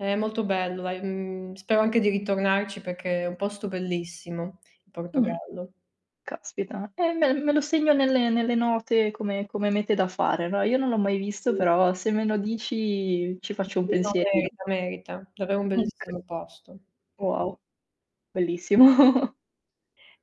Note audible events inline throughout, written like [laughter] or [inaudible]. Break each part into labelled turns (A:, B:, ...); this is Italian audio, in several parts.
A: È molto bello dai, mhmm, spero anche di ritornarci perché è un posto bellissimo il
B: Mh.
A: Portogallo.
B: Caspita. Eh, me me lo segno nelle nelle note come come mete da fare, no, io non l'ho mai visto
A: Sì.
B: però se me lo dici ci
A: Sì,
B: faccio un
A: sì. No,
B: pensierino.
A: merita, merita. Davvero un
B: Muc
A: bellissimo posto.
B: Wow. bellissimo. [chuckles]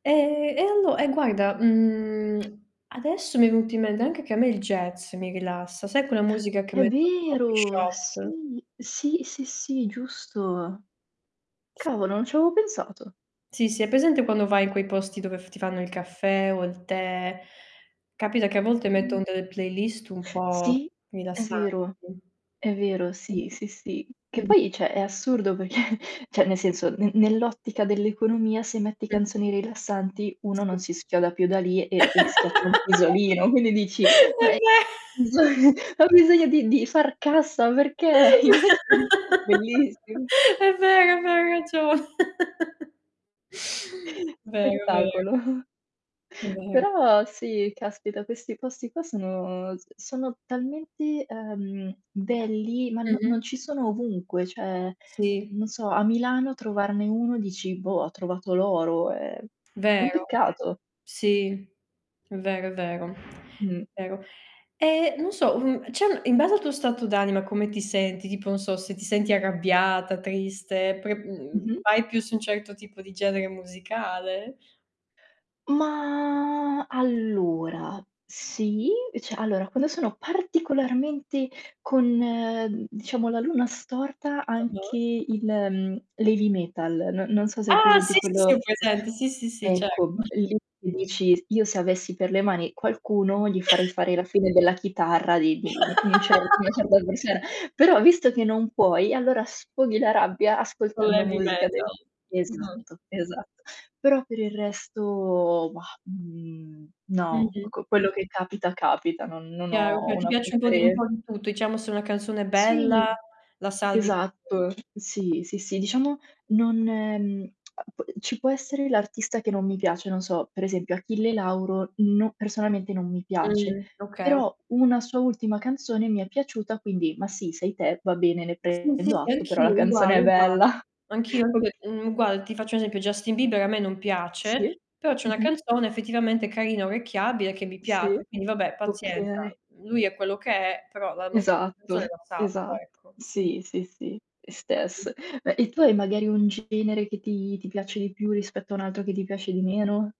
A: E e allo e guarda, mhmm,
B: Mh.
A: [clicks tongue] adesso mi è venuto in mente anche che a me il jazz mi rilassa, sai quella musica che
B: È
A: mettono i coffee
B: vero.
A: shop?
B: Sì. Sì, sì, sì, giusto.
A: S
B: Cavolo non c'avevo pensato.
A: Sì, sì, hai presente quando vai in quei posti dove f ti fanno caffè o il tè, capita che a volte
B: Mh.
A: mettono delle playlist un po'
B: Sì, è
A: rilassanti.
B: vero, è vero, sì, sì,
A: Mh-mh.
B: sì. Che
A: Mh-mh.
B: poi cioè, è assurdo perché cioè, nel senso n nell'ottica dell'economia, se metti
A: Mh.
B: canzoni rilassanti, uno
A: Sì.
B: non si schioda più da lì
A: [laughs]
B: e e schiacci un
A: È
B: pisolino. Quindi dici: "Ma è"
A: ve [chuckles]
B: [unintelligible] esa "Ho bisogno di di far cassa perché" [chuckles] invece bellissimo.
A: [laughs] È vero, è vero, hai ragio [laughs] Vero, è vero.
B: Spettacolo. [chuckles]
A: È vero.
B: Però, sì caspita questi posti qua sono s sono talmente, uhm belli ma, no
A: Mh-mh.
B: non ci sono ovunque, cioè,
A: Sì.
B: non so a Milano trovarne uno dici: "Boh ho trovato l'oro" è è un
A: Vero.
B: peccato.
A: Sì, è vero, è vero,
B: Mh.
A: vero. E non so, mhmm, cioè in base al tuo stato d'anima come ti senti, tipo non so se ti senti arrabbiata, triste, pre mhmm,
B: Mh-mh.
A: vai più su un certo tipo di genere musicale?
B: Ma allora, sì, cioè allora quando sono particolarmente con diciamo la luna storta anche
A: Ah-ah.
B: il mhmm, l'heavy metal, n non so se hai
A: Ah,
B: presente
A: sì, sì, ho
B: quello
A: presente. Sì, sì, sì. Certo.
B: ecco, e lì tu dici: "Io se avessi per le mani qualcuno gli farei
A: [chuckles]
B: fare la fine della chitarra di di un un cer una
A: [laughs]
B: certa persona." Però visto che non puoi allora sfoghi la rabbia
A: Con
B: ascoltando
A: l'heavy
B: musica de
A: metal. Mh-mh.
B: Esatto, esatto. Però per il resto, bah, mhmm, no,
A: Mh-mh.
B: ecco, quello che capita capita, non non
A: Chiaro,
B: ho
A: chia Ti
B: una
A: piace un po' di un
B: prefere
A: po' di tutto, diciamo se è una canzone
B: Sì.
A: bella la
B: Esatto.
A: [unintelligible]
B: Sì, sì, sì. Diciamo non mhmm, [clicks tongue] uhm, ci può essere l'artista che non mi piace, non so, per esempio Achille Lauro no personalmente non mi piace,
A: Mh-mh. Okay, okay.
B: però una sua ultima canzone mi è piaciuta quindi, "Ma sì sei te, va bene ne
A: Sì, sì,
B: prendo
A: sì,
B: atto, però la
A: anch'io, uguale,
B: canzone è
A: uguale.
B: bella."
A: Anch'io
B: Oka
A: pe mhmm, guarda ti faccio un esempio Justin Bieber a me non
B: Sì.
A: piace, però c'è una
B: Mh-mh.
A: canzone effettivamente carina, orecchiabile che mi
B: Sì
A: piace. Quindi vabbè pazienza,
B: Okay.
A: lui è quello che è, però la musica la canzone
B: Esatto,
A: la salvo,
B: esatto.
A: ecco. Sì.
B: Sì, sì, sì, le
A: Mh.
B: stesse. E tu hai magari un genere che ti ti piace di più rispetto a un altro che ti piace di meno?